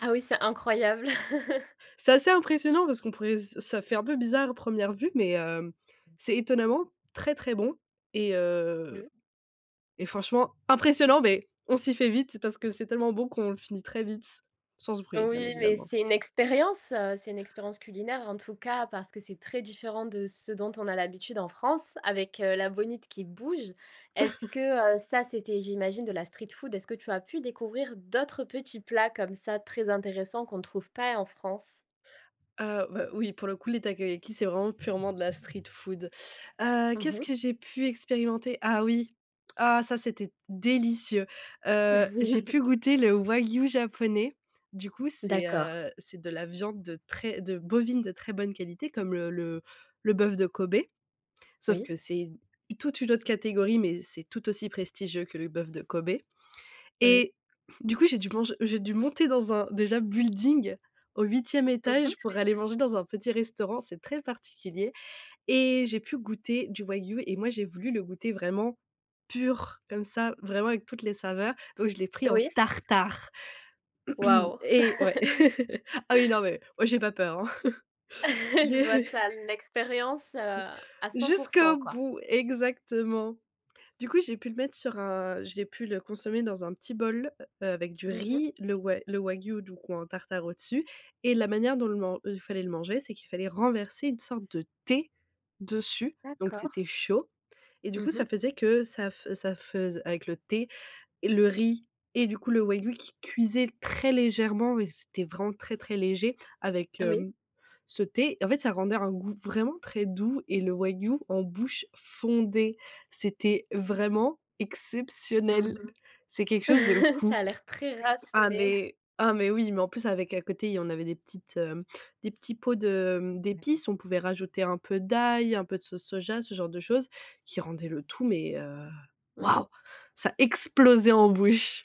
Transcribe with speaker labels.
Speaker 1: Ah oui, c'est incroyable.
Speaker 2: C'est assez impressionnant parce qu'on pourrait ce ça fait
Speaker 1: [unintelligible]
Speaker 2: un peu bizarre à 1re vue mais heu, c'est étonnamment très très bon et heu
Speaker 1: Oui.
Speaker 2: et franchement impressionnant, beh on s'y fait vite parce que c'est tellement bon qu'on le finit très vite sans se brûler, bien
Speaker 1: Oui mais
Speaker 2: évidemment.
Speaker 1: c'est une expérience, heu, c'est une expérience culinaire en tout cas parce que c'est très différent de ce dont on a l'habitude en France avec, heu, la bonite qui bouge. Est-ce que, heu, ça c'était j'imagine de la street food? Est-ce que tu as pu découvrir d'autres petits plats comme ça très intéressants qu'on ne trouve pas en France?
Speaker 2: Heu, bah oui pour le coup les Takoyaki, c'est vraiment purement de la street food. Heu,
Speaker 1: Mmh
Speaker 2: qu'est-ce
Speaker 1: mh.
Speaker 2: que j'ai pu expérimenter? Ah oui ah ça c'était délicieux. Heu, j'ai pu goûter le Wagyu japonais. Du coup c'est,
Speaker 1: D'accord.
Speaker 2: heu, c'est de la viande de très de bovine de très bonne qualité comme le le bœuf de Kobe. Sauf
Speaker 1: Oui.
Speaker 2: que c'est toute une autre catégorie mais c'est tout aussi prestigieux que le bœuf de Kobe
Speaker 1: Oui.
Speaker 2: et du coup j'ai dû manger j'ai dû monter dans un déjà building au 8e
Speaker 1: Mmh mh.
Speaker 2: étage pour aller manger dans un petit restaurant, c'est très particulier et j'ai pu goûter du Wagyu et moi j'ai voulu le goûter vraiment pur comme ça, vraiment avec toutes les saveurs, donc je l'ai pris en
Speaker 1: Oui.
Speaker 2: tartare
Speaker 1: Waouh.
Speaker 2: et ouais, ah oui, non mais moi j'ai pas peur, hein.
Speaker 1: Je vois
Speaker 2: J'ai
Speaker 1: ça, l'expérience, heu, à 100 %,
Speaker 2: Jusqu'au
Speaker 1: quoi?
Speaker 2: bout exactement. Du coup j'ai pu le mettre sur un j'ai pu le consommer dans un petit bol, heu, avec du
Speaker 1: Mmh mh.
Speaker 2: riz, le wa le Wagyu du coup en tartare au-dessus et la manière dont le man dont il fallait le manger c'est qu'il fallait renverser une sorte de thé dessus, donc
Speaker 1: D'accord.
Speaker 2: c'était chaud et du
Speaker 1: Mmh
Speaker 2: coup ça
Speaker 1: mh.
Speaker 2: faisait que ça fe ça feuse avec le thé, le riz et du coup le Wagyu qui cuisait très légèrement et c'était vraiment très très léger avec,
Speaker 1: Oui.
Speaker 2: hem, ce thé. En fait, ça rendait un goût vraiment très doux et le Wagyu en bouche fondait. C'était vraiment
Speaker 1: Mmh
Speaker 2: exceptionnel.
Speaker 1: mh.
Speaker 2: C'est quelque chose de
Speaker 1: Ça
Speaker 2: fou.
Speaker 1: a l'air très
Speaker 2: Ah
Speaker 1: raffiné.
Speaker 2: mais ah mais oui, mais en plus avec à côté, on avait des petites, heu, des petits pots de, hem,
Speaker 1: [unintelligible]
Speaker 2: d'épices. On pouvait rajouter un peu d'ail, un peu de sauce soja, ce genre de choses qui rendaient le tout mais, heu,
Speaker 1: Mmh mh.
Speaker 2: waouh! Ça explosait en bouche.